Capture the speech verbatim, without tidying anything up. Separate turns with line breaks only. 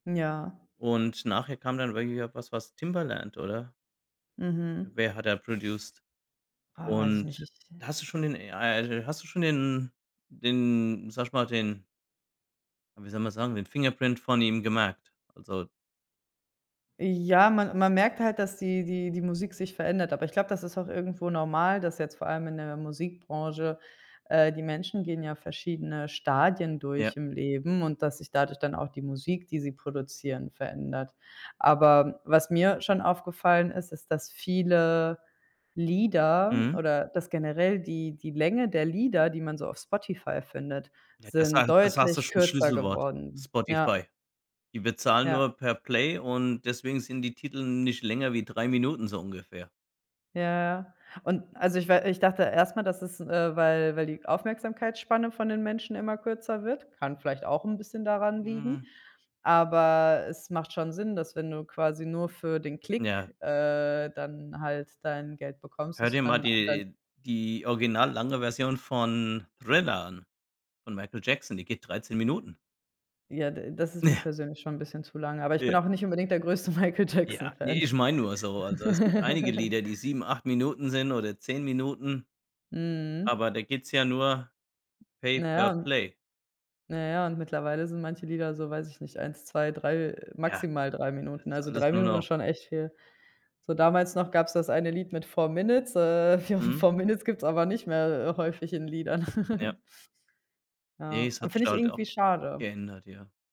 Ja.
Und nachher kam dann wirklich auch was was Timbaland, oder?
Mhm.
Wer hat da produced?
Ah, weiß ich nicht,
Und
ich
hast du schon den ah, äh, hast du schon den den sage ich mal, den wie soll man sagen, den Fingerprint von ihm gemerkt? Also
Ja, man man merkt halt, dass die die die Musik sich verändert, aber ich glaube, das ist auch irgendwo normal, dass jetzt vor allem in der Musikbranche äh, die Menschen gehen ja verschiedene Stadien
Ja.
durch im Leben und, dass sich dadurch dann auch die Musik, die sie produzieren, verändert. Aber was mir schon aufgefallen ist, ist, dass viele Lieder
Mhm.
oder dass generell die die Länge der Lieder, die man so auf Spotify findet,
Ja, das
sind
hat das hast du
deutlich
schon 'n
kürzer
Schlüsselwort:
geworden. Ja.
Spotify. Die bezahlen
Ja.
nur per Play und deswegen sind die Titel nicht länger wie drei Minuten, so ungefähr.
Ja, ja, und also ich wei ich dachte erst mal, das ist, äh, weil weil die Aufmerksamkeitsspanne von den Menschen immer kürzer wird kann vielleicht auch 'n bisschen daran liegen,
Mhm.
aber es macht schon Sinn, dass, wenn du quasi nur für den
Ja.
Klick, äh, dann halt dein Geld bekommst,
Hör
dass du
dir mal
dann dein
die die original lange Version von Thriller an von Michael Jackson, die geht dreizehn Minuten.
Ja, d das ist mir persönlich schon 'n bisschen zu lang, aber ich bin
Ja.
auch nicht unbedingt der größte Michael Jackson
Ja, ne,
Fan.
ich meine nur so, also es gibt einige Lieder, die sieben, acht Minuten sind oder zehn Minuten,
Mhm.
aber da geht's ja nur
Na ja,
Pay-per-Play.
na ja, und mittlerweile sind manche Lieder so, weiß ich nicht, eins, zwei, drei
Ja,
maximal drei
das
Minuten,
ist
also
alles
drei
nur
Minuten ist
noch...
schon echt viel. So damals noch gab's das eine Lied mit four Minutes äh, fo
Mhm.
four Minutes gibt's aber nicht mehr, äh, häufig in Liedern.
Ja. Ne,
Ja,
es hat sich
finde ich
halt
irgendwie
auch
schade.
geändert, ja